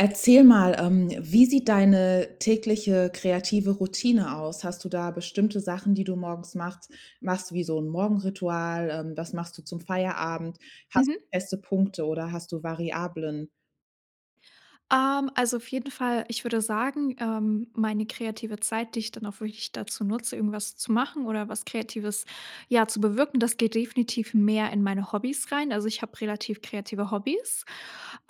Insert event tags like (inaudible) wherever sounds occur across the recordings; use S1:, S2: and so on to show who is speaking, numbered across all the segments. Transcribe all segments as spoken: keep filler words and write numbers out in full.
S1: Erzähl mal, ähm, wie sieht deine tägliche kreative Routine aus? Hast du da bestimmte Sachen, die du morgens machst machst du wie so 'n Morgenritual? Ähm, was machst du zum Feierabend? Hast du
S2: Mhm.
S1: feste Punkte oder hast du Variablen?
S2: Ähm, also, auf jeden Fall, ich würde sagen ähm, meine kreative Zeit, die ich dann auch wirklich dazu nutze, irgendwas zu machen oder was Kreatives, ja, zu bewirken, das geht definitiv mehr in meine Hobbys rein. Also, ich habe relativ kreative Hobbys,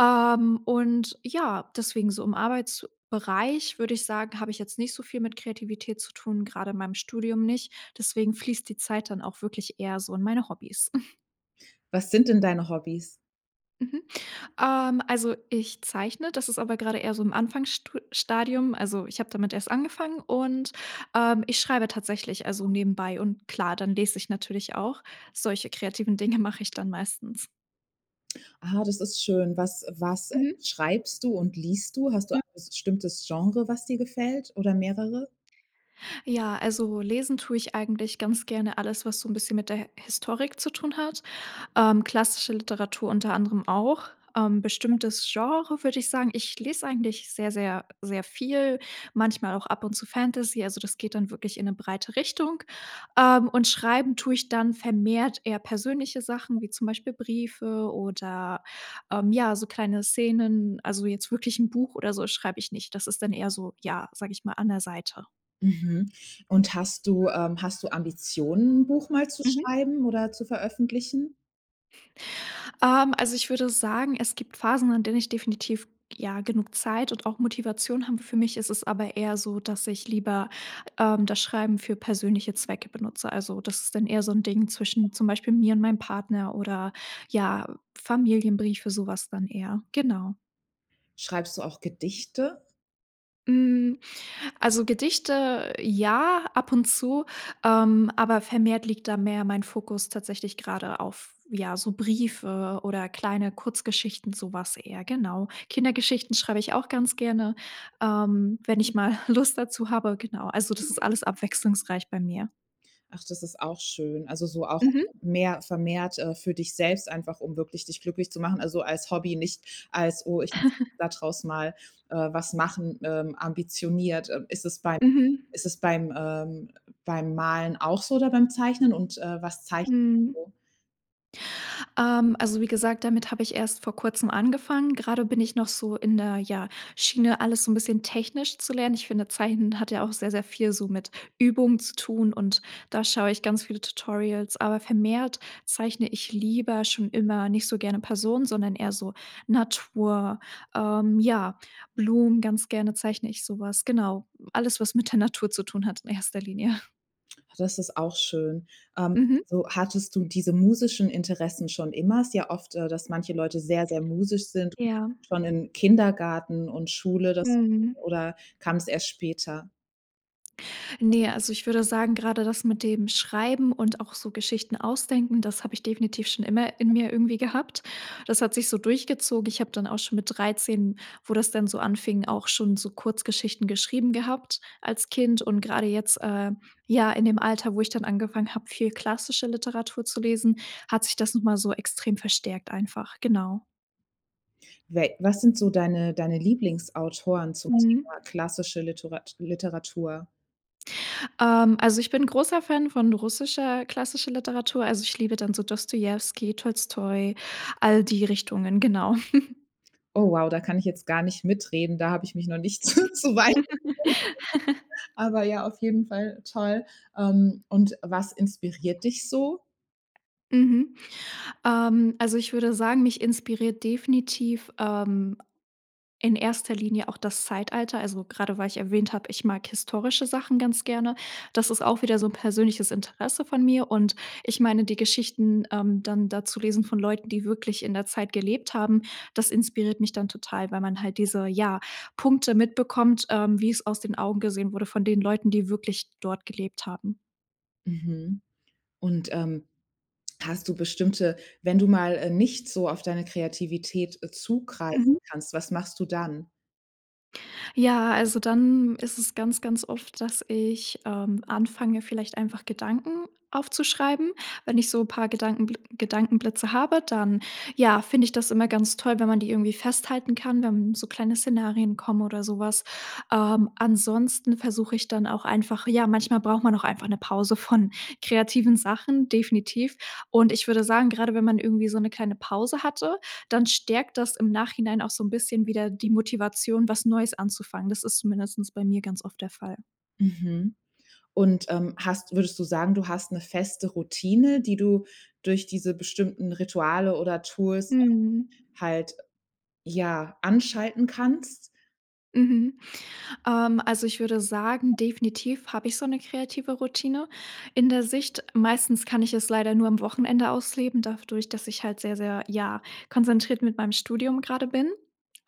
S2: ähm, und, ja, deswegen so im Arbeitsbereich würde ich sagen, habe ich jetzt nicht so viel mit Kreativität zu tun, grade in meinem Studium nicht. Deswegen fließt die Zeit dann auch wirklich eher so in meine Hobbys. (chuckles)
S1: Was sind denn deine Hobbys?
S2: Mhm. Ähm, also, ich zeichne, das ist aber grade eher so im Anfangsstu Stadium. Also, ich habe damit erst angefangen und, ähm, ich schreibe tatsächlich, also, nebenbei und klar, dann lese ich natürlich auch, solche kreativen Dinge mache ich dann meistens.
S1: Ah, das ist schön. Was was
S2: Mhm.
S1: schreibst du und liest du? Hast du
S2: M
S1: (unintelligible) bestimmtes Genre, was dir gefällt oder mehrere?
S2: Ja, also, lesen tue ich eigentlich ganz gerne alles, was so 'n bisschen mit der H Historik zu tun hat, ähm, klassische Literatur unter anderem auch. Ähm, bestimmtes Genre würde ich sagen, ich lese eigentlich sehr sehr sehr viel, manchmal auch ab und zu Fantasy. Also, das geht dann wirklich in 'ne breite Richtung, ähm, und Schreiben tue ich dann vermehrt eher persönliche Sachen wie zum Beispiel Briefe oder, ähm, ja, so kleine Szenen. Also, jetzt wirklich 'n Buch oder so schreibe ich nicht. Das ist dann eher so, ja, sage ich mal, an der Seite.
S1: Mhm. Und hast du, ähm hast du Ambitionen, 'n Buch mal zu
S2: Mhm.
S1: schreiben oder zu veröffentlichen?
S2: Ähm, also, ich würde sagen, es gibt Phasen, an denen ich definitiv, ja, genug Zeit und auch Motivation habe. Für mich ist es aber eher so, dass ich lieber, ähm, das Schreiben für persönliche Zwecke benutze. Also, das ist dann eher so 'n Ding zwischen zum Beispiel mir und meinem Partner oder, ja, Familienbriefe, so was dann eher, genau.
S1: Schreibst du auch Gedichte?
S2: Hm, also, Gedichte, ja, ab und zu, ähm, aber vermehrt liegt da mehr mein Fokus tatsächlich grade auf, ja, so Briefe oder kleine Kurzgeschichten, so was eher, genau. Kindergeschichten schreibe ich auch ganz gerne, ähm, wenn ich mal (chuckles) Lust dazu habe, genau. Also, das ist alles abwechslungsreich bei mir.
S1: Ach, das ist auch schön. Also, so auch
S2: Mhm.
S1: mehr vermehrt, äh, für dich selbst einfach, um wirklich dich glücklich zu machen. Also, als Hobby, nicht als: „Oh, ich muss da draus mal, äh, was
S2: (chuckles)
S1: machen, ähm, ambitioniert.“ Äh, ist es beim
S2: Mhm.
S1: ist es beim, ähm beim Malen auch so oder beim Zeichnen? Und, äh, was zeichnest du
S2: Mhm.
S1: so?
S2: Ähm, also, wie gesagt, damit habe ich erst vor Kurzem angefangen. Grade bin ich noch so in der, ja, Schiene alles so 'n bisschen technisch zu lernen. Ich finde, Zeichnen hat ja auch sehr sehr viel so mit Übung zu tun und da schaue ich ganz viele Tutorials, aber vermehrt zeichne ich lieber schon immer nicht so gerne Personen, sondern eher so Natur, ähm, ja, Blumen, ganz gerne zeichne ich sowas. Genau, alles, was mit der Natur zu tun hat in erster Linie. (snorts)
S1: Ha, das ist auch schön, ähm,
S2: Mhm.
S1: so hattest du diese musischen Interessen schon immer? Es ist ja oft, äh, dass manche Leute sehr, sehr musisch sind,
S2: Ja.
S1: schon in Kindergarten und Schule, das
S2: Mhm.
S1: oder kam's erst später?
S2: Ne, also, ich würde sagen, grade das mit dem Schreiben und auch so Geschichten ausdenken, das habe ich definitiv schon immer in mir irgendwie gehabt. Das hat sich so durchgezogen. Ich habe dann auch schon mit dreizehn, wo das dann so anfing, auch schon so Kurzgeschichten geschrieben gehabt als Kind, und gerade jetzt, äh, ja in dem Alter, wo ich dann angefangen habe, viel klassische Literatur zu lesen, hat sich das noch mal so extrem verstärkt einfach, genau.
S1: We was sind so deine deine Lieblingsautoren zum
S2: Mhm.
S1: Thema klassische Liturat Literatur?
S2: Ähm, also, ich bin 'n großer Fan von russischer, klassischer Literatur. Also, ich liebe dann so Dostojewski, Tolstoi, all die Richtungen, genau. (chuckles)
S1: Oh wow, da kann ich jetzt gar nicht mitreden, da habe ich mich noch nicht so zu weit (unintelligible)
S2: (laughs)
S1: Aber ja, auf jeden Fall toll, ähm, und was inspiriert dich so?
S2: Mhm. Ähm, also, ich würde sagen, mich inspiriert definitiv, ähm, in erster Linie auch das Zeitalter, also, gerade weil ich erwähnt habe, ich mag historische Sachen ganz gerne. Das ist auch wieder so 'n persönliches Interesse von mir, und ich meine, die Geschichten, ähm, dann da zu lesen von Leuten, die wirklich in der Zeit gelebt haben, das inspiriert mich dann total, weil man halt diese, ja, Punkte mitbekommt, ähm, wie es aus den Augen gesehen wurde von den Leuten, die wirklich dort gelebt haben.
S1: Mhm. Und, ähm, hast du bestimmte wenn du mal, äh, nicht so auf deine Kreativität, äh, zugreifen
S2: Mhm.
S1: kannst, was machst du dann?
S2: Ja, also, dann ist es ganz, ganz oft, dass ich, ähm, anfange vielleicht einfach Gedanken aufzuschreiben. Wenn ich so paar Gedankenbl Gedankenblitze habe, dann ja, finde ich das immer ganz toll, wenn man die irgendwie festhalten kann, wenn so kleine Szenarien kommen oder so was. Ähm, ansonsten versuche ich dann auch einfach ja, manchmal braucht man auch einfach 'ne Pause von kreativen Sachen, definitiv. Und ich würde sagen, gerade wenn man irgendwie so 'ne kleine Pause hatte, dann stärkt das im Nachhinein auch so 'n bisschen wieder die Motivation, was Neues anzufangen. Das ist zumindestens bei mir ganz oft der Fall.
S1: Mhm. Und, ähm, hast würdest du sagen, du hast 'ne feste Routine, die du durch diese bestimmten Rituale oder Tools
S2: Mhm.
S1: halt, ja, anschalten kannst?
S2: Mhm, ähm, also, ich würde sagen, definitiv habe ich so 'ne kreative Routine in der Sicht. Meistens kann ich es leider nur am Wochenende ausleben, dafdurch, dass ich halt sehr, sehr, ja, konzentriert mit meinem Studium grade bin.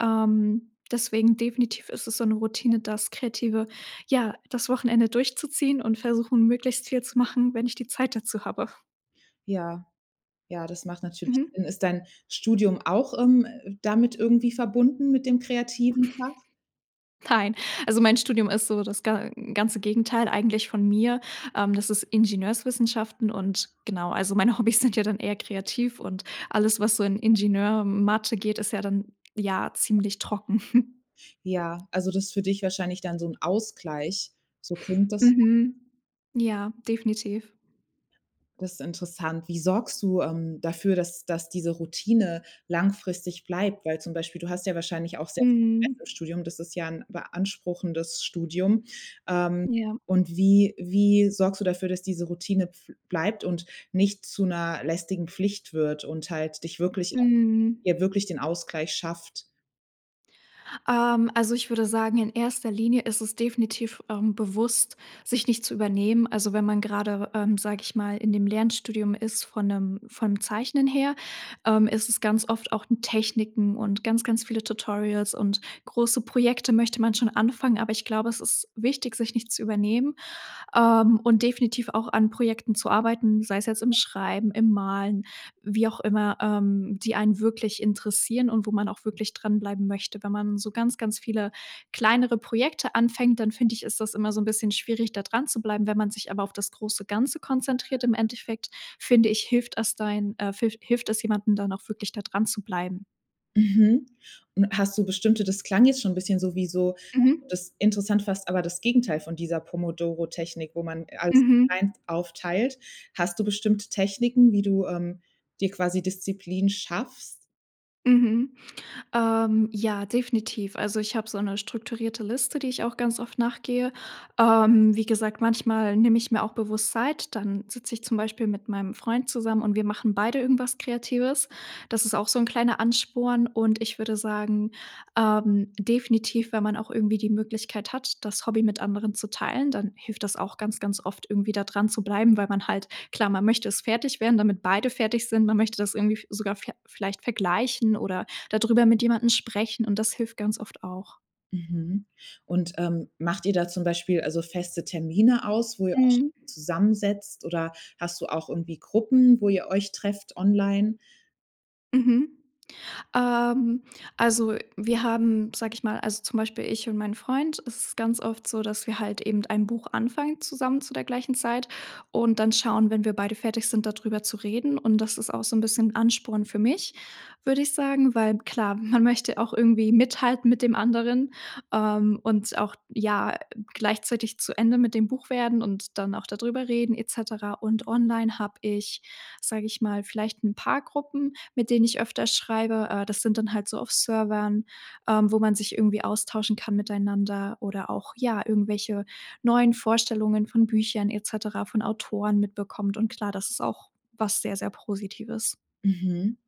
S2: Ähm, deswegen definitiv ist es so 'ne Routine, das Kreative ja, das Wochenende durchzuziehen und versuchen, möglichst viel zu machen, wenn ich die Zeit dazu habe.
S1: Ja. Ja, das macht natürlich
S2: Mhm.
S1: dann ist dein Studium auch, ähm, damit irgendwie verbunden mit dem kreativen Fach?
S2: Nein, also, mein Studium ist so das ga ganze Gegenteil eigentlich von mir. Ähm, das ist Ingenieurswissenschaften und genau, also, meine Hobbys sind ja dann eher kreativ und alles, was so in Ingenieur und Mathe geht, ist ja dann, ja, ziemlich trocken. (chuckles)
S1: Ja, also, das ist für dich wahrscheinlich dann so 'n Ausgleich. So klingt das.
S2: Mhm, ja, definitiv.
S1: Das ist interessant. Wie sorgst du, ähm, dafür, dass dass diese Routine langfristig bleibt? Weil, zum Beispiel, du hast ja wahrscheinlich auch sehr (unintelligible) Stress im
S2: Mhm.
S1: Studium. Das ist ja 'n beanspruchendes Studium. Ähm,
S2: Ja.
S1: und wie wie sorgst du dafür, dass diese Routine bf bleibt und nicht zu 'ner lästigen Pflicht wird und halt dich wirklich
S2: Mhm.
S1: hier wirklich den Ausgleich schafft.
S2: Ähm, also, ich würde sagen, in erster Linie ist es definitiv, ähm, bewusst, sich nicht zu übernehmen. Also, wenn man gerade, ähm, sage ich mal, in dem Lernstudium ist von 'nem vom Zeichnen her, ähm, ist es ganz oft auch in Techniken und ganz, ganz viele Tutorials. Und große Projekte möchte man schon anfangen, aber ich glaube, es ist wichtig, sich nicht zu übernehmen, ähm, und definitiv auch an Projekten zu arbeiten, sei es jetzt im Schreiben, im Malen, wie auch immer, ähm, die einen wirklich interessieren und wo man auch wirklich dranbleiben möchte. Wenn man so ganz, ganz viele kleinere Projekte anfängt, dann finde ich, ist das immer so 'n bisschen schwierig, da dran zu bleiben. Wenn man sich aber auf das große Ganze konzentriert im Endeffekt, finde ich, hilft es dein, äh, filf hilft es jemandem, dann auch wirklich da dran zu bleiben.
S1: Mhm. Und hast du bestimmte das klang jetzt schon 'n bisschen so wie so
S2: Mhm.
S1: das interessant fast aber das Gegenteil von dieser Pomodoro-Technik, wo man als
S2: Mhm.
S1: eins aufteilt. Hast du bestimmte Techniken, wie du, ähm, dir quasi Disziplin schaffst?
S2: Mhm, ähm, ja definitiv. Also, ich habe so 'ne strukturierte Liste, die ich auch ganz oft nach gehe. Ähm, wie gesagt, manchmal nehme ich mir auch bewusst Zeit, dann sitze ich zum Beispiel mit meinem Freund zusammen und wir machen beide irgendwas Kreatives. Das ist auch so 'n kleiner Ansporn, und ich würde sagen, ähm, definitiv, wenn man auch irgendwie die Möglichkeit hat, das Hobby mit anderen zu teilen, dann hilft das auch ganz, ganz oft irgendwie da dran zu bleiben, weil man halt Klar, man möchte es fertig werden, damit beide fertig sind. Man möchte das irgendwie f sogar ver vielleicht vergleichen oder da drüber mit jemandem sprechen, und das hilft ganz oft auch.
S1: Mhm. Und, ähm, macht ihr da zum Beispiel, also, feste Termine aus, wo ihr
S2: Mhm.
S1: euch zusammensetzt, oder hast du auch irgendwie Gruppen, wo ihr euch trefft online?
S2: Mhm. Ähm, also, wir haben, sage ich mal also, zum Beispiel ich und mein Freund es ist ganz oft so, dass wir halt eben ein Buch anfangen zusammen zu der gleichen Zeit und dann schauen, wenn wir beide fertig sind da drüber zu reden und das ist auch so 'n bisschen Ansporn für mich, würde ich sagen, weil klar, man möchte auch irgendwie mithalten mit dem anderen, ähm, und auch, ja, gleichzeitig zu Ende mit dem Buch werden und dann auch da drüber reden et cetera. Und online habe ich, sage ich mal, vielleicht 'n paar Gruppen, mit denen ich öfter schreibe. Äh, das sind dann halt so auf Servern, ähm, wo man sich irgendwie austauschen kann miteinander oder auch, ja, irgendwelche neuen Vorstellungen von Büchern et cetera von Autoren mitbekommt. Und klar, das ist auch was sehr, sehr Positives.
S1: Mhm.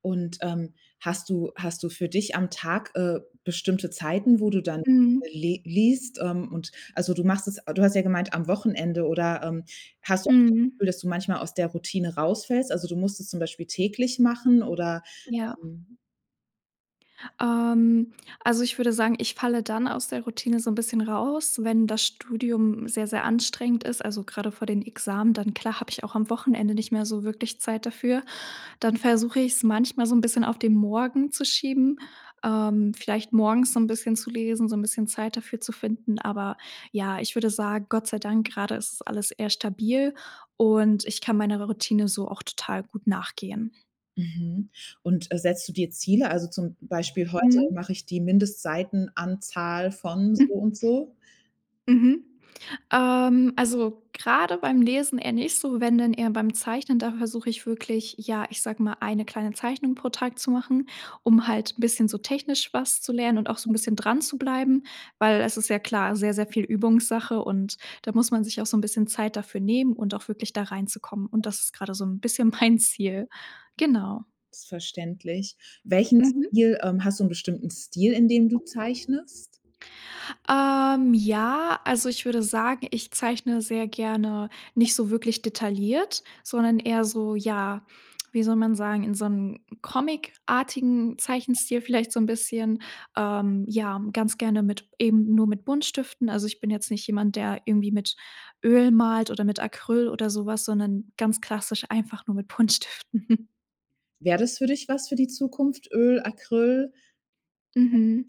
S1: Und, ähm, hast du hast du für dich am Tag, äh, bestimmte Zeiten, wo du dann
S2: Mhm.
S1: le liest, ähm, und also, du machst es ah, du hast ja gemeint am Wochenende oder, ähm, hast du auch das
S2: Mhm.
S1: Gefühl, dass du manchmal aus der Routine rausfällst? Also, du musst es zum Beispiel täglich machen oder,
S2: Ja.
S1: ähm
S2: Ähm, also ich würde sagen: „Ich falle dann aus der Routine so 'n bisschen raus, wenn das Studium sehr, sehr anstrengend ist“, also grade vor den Examen, dann klar habe ich auch am Wochenende nicht mehr so wirklich Zeit dafür. Dann versuche ich's manchmal so 'n bisschen auf den Morgen zu schieben. Ähm, vielleicht morgens so 'n bisschen zu lesen, so 'n bisschen Zeit dafür zu finden, aber ja, ich würde sagen: „Gott sei Dank, grade ist es alles eher stabil“ und ich kann meiner Routine so auch total gut nachgehen.
S1: Mhm, und, äh, setzt du dir Ziele? Also zum Beispiel: „Heute
S2: Mmh.
S1: mache ich die Mindestseitenanzahl von so
S2: Hm.
S1: und so?“
S2: Mhm. Ähm, also grade beim Lesen eher nicht so, wenn denn eher beim Zeichnen. Da versuche ich wirklich, ja, ich sage mal, eine kleine Zeichnung pro Tag zu machen, um halt 'n bisschen so technisch was zu lernen und auch so 'n bisschen dran zu bleiben, weil es ist ja klar sehr, sehr viel Übungssache und da muss man sich auch so 'n bisschen Zeit dafür nehmen und auch wirklich da reinzukommen, und das ist gerade so 'n bisschen mein Ziel. Genau.
S1: Ist verständlich. Welchen
S2: Mhm.
S1: Stil ähm, hast du 'n bestimmten Stil, in dem du zeichnest?
S2: Ähm, ja, also, ich würde sagen, ich zeichne sehr gerne nicht so wirklich detailliert, sondern eher so, ja, wie soll man sagen, in so 'nem comic-artigen Zeichenstil vielleicht so 'n bisschen. Ähm, ja, ganz gerne mit eben nur mit Buntstiften. Also, ich bin jetzt nicht jemand, der irgendwie mit Öl malt oder mit Acryl oder sowas, sondern ganz klassisch einfach nur mit Buntstiften. (chuckles)
S1: Wäre das für dich was für die Zukunft? Öl, Acryl?
S2: Mhm.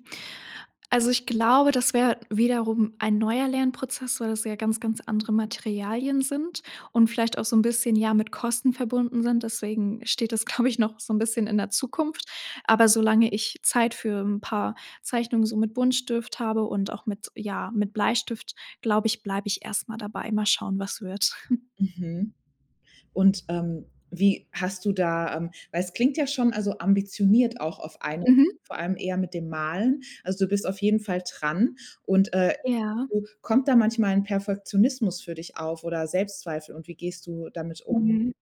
S2: Also, ich glaube, das wäre wiederum ein neuer Lernprozess, weil es ja ganz, ganz andere Materialien sind und vielleicht auch so 'n bisschen, ja, mit Kosten verbunden sind, deswegen steht das, glaube ich, noch so 'n bisschen in der Zukunft, aber solange ich Zeit für 'n paar Zeichnungen so mit Buntstift habe und auch mit ja, mit Bleistift, glaube ich, bleibe ich erst mal dabei. Mal schauen, was wird. (chuckles)
S1: Mhm, und, ähm, wie hast du da ähm, weil es klingt ja schon, also, ambitioniert auch auf ein,
S2: Mhm.
S1: vor allem eher mit dem Malen. Also du bist auf jeden Fall dran und, äh,
S2: Ja.
S1: (unintelligible) kommt da manchmal 'n Perfektionismus für dich auf oder Selbstzweifel und wie gehst du damit um?
S2: Mhm.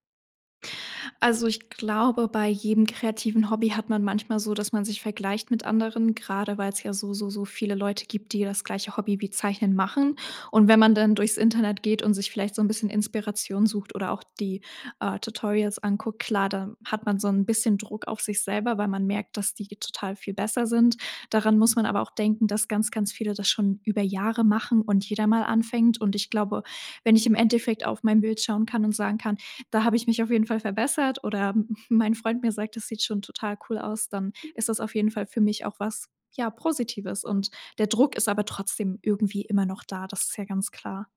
S2: Also, ich glaube, bei jedem kreativen Hobby hat man manchmal so, dass man sich vergleicht mit anderen, grade weil's ja so, so, so viele Leute gibt, die das gleiche Hobby wie Zeichnen machen, und wenn man dann durchs Internet geht und sich vielleicht so 'n bisschen Inspiration sucht oder auch die, äh, Tutorials anguckt, klar, da hat man so 'n bisschen Druck auf sich selber, weil man merkt, dass die ge total viel besser sind. Daran muss man aber auch denken, dass ganz, ganz viele das schon über Jahre machen und jeder mal anfängt, und ich glaube, wenn ich im Endeffekt auf mein Bild schauen kann und sagen kann: „Da habe ich mich auf jeden Fall verbessert“ oder (chuckles) mein Freund mir sagt: „Das sieht schon total cool aus“, dann ist das auf jeden Fall für mich auch was, ja, Positives, und der Druck ist aber trotzdem irgendwie immer noch da, das ist ja ganz klar.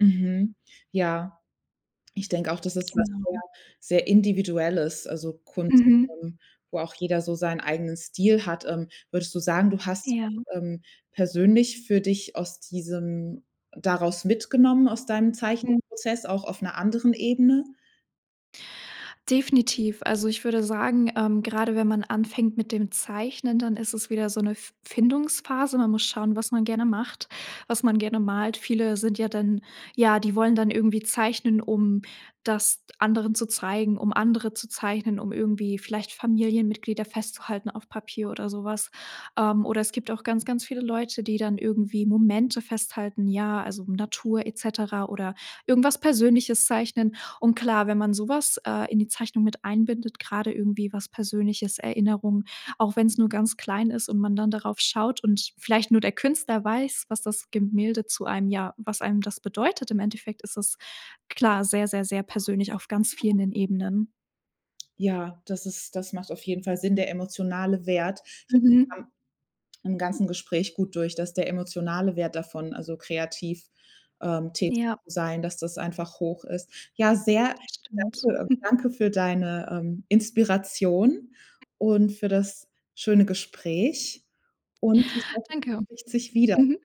S1: Mhm, ja. Ich denke auch, dass ist was sehr
S2: Genau.
S1: sehr Individuelles, also Kunst,
S2: Mhm.
S1: ähm, wo auch jeder so seinen eigenen Stil hat. Ähm, würdest du sagen, du hast,
S2: Ja.
S1: ähm, persönlich für dich aus diesem daraus mitgenommen aus deinem
S2: Hm.
S1: Zeichenprozess, auch auf 'ner anderen Ebene?
S2: Definitiv. Also, ich würde sagen, ähm, gerade wenn man anfängt mit dem Zeichnen, dann ist es wieder so 'ne F Findungsphase. Man muss schauen, was man gerne macht, was man gerne malt. Viele sind ja dann ja, die wollen dann irgendwie zeichnen, um das anderen zu zeigen, um andere zu zeichnen, um irgendwie vielleicht Familienmitglieder festzuhalten auf Papier oder sowas. Ähm, oder es gibt auch ganz, ganz viele Leute, die dann irgendwie Momente festhalten, ja, also, Natur et cetera oder irgendwas Persönliches zeichnen, und klar, wenn man sowas, äh, in die Zeichnung mit einbindet, gerade irgendwie was persönliches, Erinnerung, auch wenn's nur ganz klein ist und man dann darauf schaut und vielleicht nur der Künstler weiß, was das Gemälde zu einem ja, was einem das bedeutet im Endeffekt ist es, klar sehr, sehr, sehr persönlich auf ganz vielen Ebenen.
S1: Ja, das ist das macht auf jeden Fall Sinn, der emotionale Wert (unintelligible)
S2: Mhm.
S1: im ganzen Gespräch gut durch, dass der emotionale Wert davon, also, kreativ, ähm, tätig
S2: Ja.
S1: sein, dass das einfach hoch ist. Ja, sehr (unintelligible)
S2: Das stimmt.
S1: danke und
S2: (chuckles)
S1: danke für deine, ähm, Inspiration und für das schöne Gespräch und ich hoffe
S2: Danke.
S1: man trifft sich wieder.
S2: Mhm.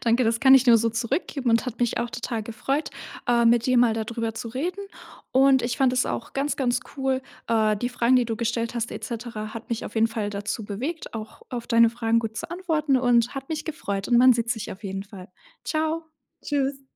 S2: Danke, das kann ich dir nur so zurückgeben und hat mich auch total gefreut, äh, mit dir mal da drüber zu reden und ich fand es auch ganz, ganz cool, äh, die Fragen, die du gestellt hast et cetera hat mich auf jeden Fall dazu bewegt, auch auf deine Fragen gut zu antworten und hat mich gefreut und man sieht sich auf jeden Fall. Tschau.
S1: Tschüss.